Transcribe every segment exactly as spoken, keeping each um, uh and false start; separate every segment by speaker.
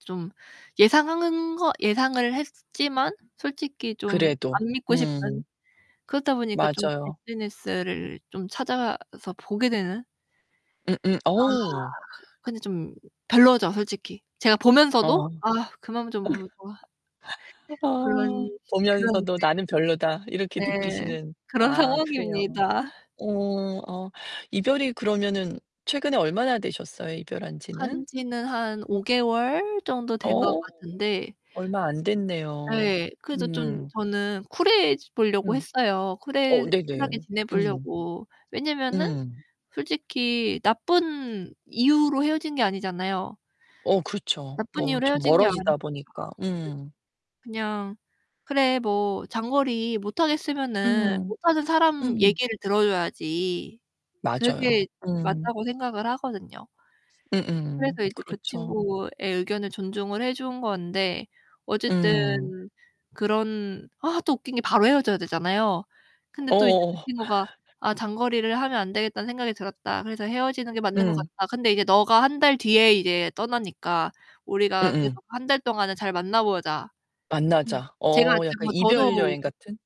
Speaker 1: 좀 예상한 거 예상을 했지만 솔직히 좀
Speaker 2: 그래도.
Speaker 1: 안 믿고 싶은,
Speaker 2: 음.
Speaker 1: 그러다 보니까 좀
Speaker 2: 맞아요.
Speaker 1: SNS를 좀 찾아서 보게 되는. 아.
Speaker 2: 음음. 어우.
Speaker 1: 근데 좀 별로죠, 솔직히. 제가 보면서도
Speaker 2: 어.
Speaker 1: '아 그만 좀 보라고.' 그런
Speaker 2: 어
Speaker 1: 그런
Speaker 2: 보면서도 '나는 별로다.' 이렇게
Speaker 1: 이제 네.
Speaker 2: 느끼시는.
Speaker 1: 그런
Speaker 2: 아 그래요.
Speaker 1: 상황입니다.
Speaker 2: 어. 어 이별이 그러면은 최근에 얼마나 되셨어요? 이별한지는?
Speaker 1: 한 지는 한 오 개월 정도 된 거
Speaker 2: 어
Speaker 1: 같은데
Speaker 2: 얼마 안됐네요.
Speaker 1: 예. 그래서 좀
Speaker 2: 음.
Speaker 1: 저는 쿨해 보려고
Speaker 2: 음.
Speaker 1: 했어요. 쿨해
Speaker 2: 어 네네.
Speaker 1: 쿨하게
Speaker 2: 음.
Speaker 1: 지내보려고. 왜냐면은
Speaker 2: 음.
Speaker 1: 솔직히 나쁜 이유로 헤어진 게 아니잖아요.
Speaker 2: 어 그렇죠.
Speaker 1: 나쁜
Speaker 2: 뭐
Speaker 1: 이유로
Speaker 2: 좀
Speaker 1: 헤어진 게 아니니까
Speaker 2: 멀어지다 보니까. 음.
Speaker 1: 그냥 그래 뭐 장거리 못하겠으면은
Speaker 2: 음.
Speaker 1: 못하는 사람
Speaker 2: 음.
Speaker 1: 얘기를 들어줘야지.
Speaker 2: 맞아요.
Speaker 1: 그게
Speaker 2: 음.
Speaker 1: 맞다고 생각을 하거든요.
Speaker 2: 음음.
Speaker 1: 그래서 이제 그
Speaker 2: 그렇죠.
Speaker 1: 친구의 의견을 존중을 해 준 건데 어쨌든
Speaker 2: 음.
Speaker 1: 그런 아 또 웃긴 게 바로 헤어져야 되잖아요. 근데 또 이제 그
Speaker 2: 어어어.
Speaker 1: 친구가 '아 장거리를 하면 안 되겠다는 생각이 들었다. 그래서 헤어지는 게 맞는 것
Speaker 2: 응.
Speaker 1: 같다. 근데 이제 너가 한 달 뒤에 이제 떠나니까 우리가 그래도
Speaker 2: 음음.
Speaker 1: 한 달 동안은 잘 만나보자.' 음.
Speaker 2: 만나자.
Speaker 1: 제가
Speaker 2: 어 약간
Speaker 1: 뭐
Speaker 2: 이별
Speaker 1: 저도
Speaker 2: 여행 같은?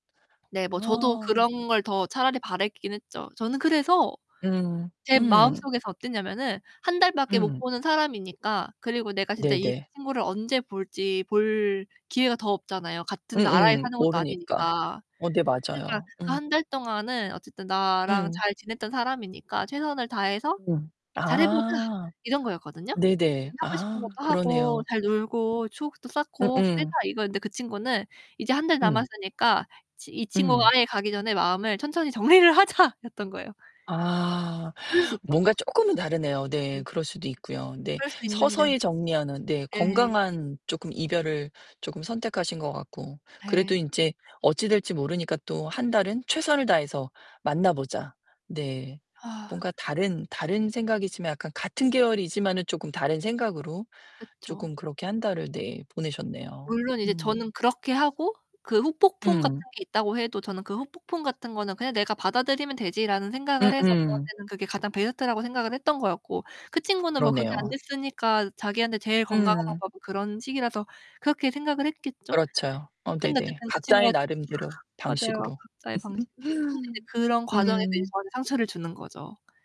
Speaker 1: 네. 뭐 저도
Speaker 2: 아.
Speaker 1: 그런 걸 더 차라리 바랐긴 했죠. 저는 그래서
Speaker 2: 음.
Speaker 1: 제
Speaker 2: 음.
Speaker 1: 마음속에서 어땠냐면은 한 달 밖에 못
Speaker 2: 음.
Speaker 1: 보는 사람이니까, 그리고 내가 진짜 이
Speaker 2: 네네.
Speaker 1: 친구를 언제 볼지 볼 기회가 더 없잖아요, 같은 나라에
Speaker 2: 음음.
Speaker 1: 사는 것도
Speaker 2: 모르니까.
Speaker 1: 아니니까.
Speaker 2: 어 네.
Speaker 1: 그러니까
Speaker 2: 맞아요.
Speaker 1: 그
Speaker 2: 음.
Speaker 1: 한 달 동안은 어쨌든 나랑
Speaker 2: 응.
Speaker 1: 잘 지냈던 사람이니까 최선을 다해서
Speaker 2: 음.
Speaker 1: 잘해 보자.
Speaker 2: 아.
Speaker 1: 이런 거였거든요.
Speaker 2: 네네.
Speaker 1: 그니까 하고 싶은
Speaker 2: 아
Speaker 1: 것도 하고,
Speaker 2: 그러네요.
Speaker 1: 잘 놀고 추억도 쌓고 그래보자.
Speaker 2: 음음.
Speaker 1: 이거였는데 그 친구는 이제 한 달
Speaker 2: 음.
Speaker 1: 남았으니까 이 친구가
Speaker 2: 응.
Speaker 1: 아예 가기 전에 '마음을 천천히 정리를 하자.'였던 거예요.
Speaker 2: 아
Speaker 1: 그럴 수 있죠.
Speaker 2: 뭔가 조금은 다르네요.
Speaker 1: 네.
Speaker 2: 네. 그럴 수도 있고요. 네.
Speaker 1: 그럴 수 있는데.
Speaker 2: 서서히 정리하는. 네.
Speaker 1: 네.
Speaker 2: 건강한 조금 이별을 조금 선택하신 것 같고. 그래도
Speaker 1: 네.
Speaker 2: 이제 어찌 될지 모르니까 또 한 달은 최선을 다해서 만나보자. 네.
Speaker 1: 아.
Speaker 2: 뭔가 다른 다른 생각이지만 약간 같은 계열이지만은 조금 다른 생각으로
Speaker 1: 그쵸.
Speaker 2: 조금 그렇게 한 달을 네 보내셨네요.
Speaker 1: 물론 이제
Speaker 2: 음.
Speaker 1: 저는 그렇게 하고, 그 후폭풍 같은
Speaker 2: 음.
Speaker 1: 게 있다고 해도 저는 '그 후폭풍 같은 거는 그냥 내가 받아들이면 되지.'라는 생각을 해서
Speaker 2: 음음.
Speaker 1: 저한테는 그게 가장 베스트라고 생각을 했던 거였고, 그 친구는 뭐 그게 안
Speaker 2: 그러네요.
Speaker 1: 됐으니까 자기한테 제일 건강한
Speaker 2: 음.
Speaker 1: 방법은 그런 식이라서 그렇게 생각을 했겠죠.
Speaker 2: 그렇죠. 어
Speaker 1: 그런데
Speaker 2: 네네.
Speaker 1: 어쨌든 그
Speaker 2: 각자의
Speaker 1: 친구가
Speaker 2: 나름대로.
Speaker 1: 맞아요.
Speaker 2: 방식으로.
Speaker 1: 각자의 방식대로. 근데 이제 그런 과정에서 이제
Speaker 2: 음.
Speaker 1: 저한테 상처를 주는 거죠.